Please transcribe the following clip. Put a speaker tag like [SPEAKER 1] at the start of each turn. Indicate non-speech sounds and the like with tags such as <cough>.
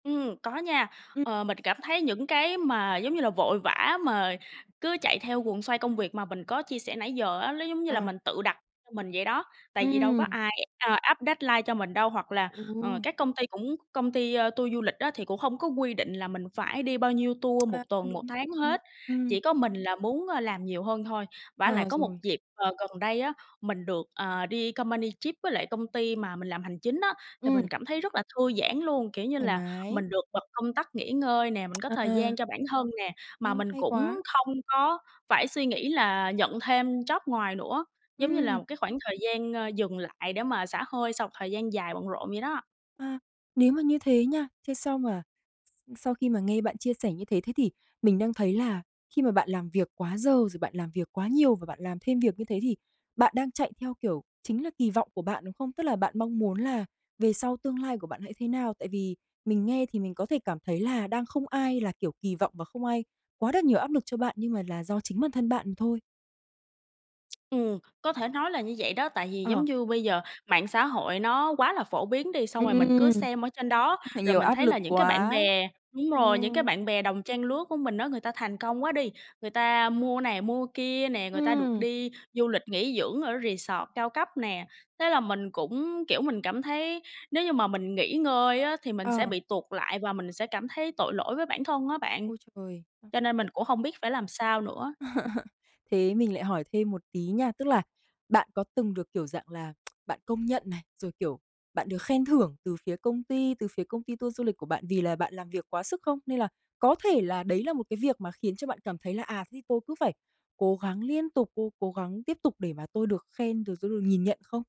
[SPEAKER 1] Ừm, có nha,
[SPEAKER 2] Ừm.
[SPEAKER 1] ờ, mình cảm thấy những cái mà, giống như là, vội vã mà cứ chạy theo guồng xoay công việc mà mình có chia sẻ nãy giờ á, nó giống như là
[SPEAKER 2] Ờ.
[SPEAKER 1] mình tự đặt cho mình vậy đó. Tại vì đâu có
[SPEAKER 2] Ừm.
[SPEAKER 1] ai, à, áp deadline cho mình đâu. Hoặc là, ờ,
[SPEAKER 2] Ừ.
[SPEAKER 1] các công ty cũng công ty tour du lịch á, thì cũng không có quy định là mình phải đi bao nhiêu
[SPEAKER 2] <tsk>
[SPEAKER 1] tour một
[SPEAKER 2] À,
[SPEAKER 1] tuần, một
[SPEAKER 2] đúng.
[SPEAKER 1] tháng
[SPEAKER 2] Ừm,
[SPEAKER 1] hết,
[SPEAKER 2] ừm.
[SPEAKER 1] chỉ có mình là muốn làm nhiều hơn thôi. Vả lại
[SPEAKER 2] À,
[SPEAKER 1] có một
[SPEAKER 2] rồi.
[SPEAKER 1] dịp, ờ, gần đây á, mình được, ờ, đi company trip với lại công ty mà mình làm hành chính á, thì mình
[SPEAKER 2] Ừm.
[SPEAKER 1] cảm thấy rất là thư giãn luôn. Kiểu như
[SPEAKER 2] Thoải
[SPEAKER 1] là,
[SPEAKER 2] mái.
[SPEAKER 1] mình được bật công tắc nghỉ ngơi nè, mình
[SPEAKER 2] <tsk>
[SPEAKER 1] có thời gian
[SPEAKER 2] À.
[SPEAKER 1] cho bản thân nè, mà
[SPEAKER 2] Ôi,
[SPEAKER 1] mình
[SPEAKER 2] hay
[SPEAKER 1] cũng
[SPEAKER 2] quá.
[SPEAKER 1] không có phải suy nghĩ là nhận thêm job ngoài nữa, giống như là
[SPEAKER 2] Ừm.
[SPEAKER 1] một cái khoảng thời gian dừng lại để mà xả hơi sau một thời gian dài bận rộn vậy đó.
[SPEAKER 2] À, nếu mà như thế nha thế sau mà s sau khi mà nghe bạn chia sẻ như thế, thế thì mình đang thấy là khi mà bạn làm việc quá giờ, rồi bạn làm việc quá nhiều và bạn làm thêm việc như thế thì bạn đang chạy theo, kiểu, chính là kỳ vọng của bạn, đúng không? Tức là bạn mong muốn là về sau tương lai của bạn hãy thế nào, tại vì mình nghe thì mình có thể cảm thấy là đang không ai, là kiểu, kỳ vọng và không ai quá đặt nhiều áp lực cho bạn nhưng mà là do chính bản thân bạn thôi.
[SPEAKER 1] Ừm, có thể nói là như vậy đó. Tại vì, giống
[SPEAKER 2] Ờ.
[SPEAKER 1] như bây giờ mạng xã hội nó quá là phổ biến đi, xong rồi mình cứ
[SPEAKER 2] Ừm,
[SPEAKER 1] xem ở trên đó
[SPEAKER 2] như thế
[SPEAKER 1] rồi
[SPEAKER 2] nhiều
[SPEAKER 1] mình
[SPEAKER 2] áp
[SPEAKER 1] thấy
[SPEAKER 2] lực
[SPEAKER 1] là những cái bạn
[SPEAKER 2] quá.
[SPEAKER 1] bè đúng rồi, những cái
[SPEAKER 2] Ừm.
[SPEAKER 1] bạn bè đồng trang lứa của mình á, người ta thành công quá đi, người ta mua này, mua kia nè, người ta được
[SPEAKER 2] Ừm.
[SPEAKER 1] đi du lịch nghỉ dưỡng ở resort cao cấp nè. Thế là mình cũng kiểu, mình cảm thấy nếu như mà mình nghỉ ngơi á, thì mình sẽ
[SPEAKER 2] Ờ.
[SPEAKER 1] bị tuột lại và mình sẽ cảm thấy tội lỗi với bản thân á bạn.
[SPEAKER 2] Ôi trời!
[SPEAKER 1] Cho nên mình cũng không biết phải làm sao nữa.
[SPEAKER 2] <laughs> Thế mình lại hỏi thêm một tí nha, tức là bạn có từng được kiểu dạng là, <tsk> bạn công nhận này, rồi, kiểu, bạn được khen thưởng từ phía công ty từ phía công ty tour du lịch của bạn vì là bạn làm việc quá sức không? Nên là có thể là đấy là một cái việc mà khiến cho bạn cảm thấy là "À, thế tôi cứ phải cố gắng liên tục, cố cố gắng tiếp tục để mà tôi được khen, rồi tôi được nhìn nhận", không?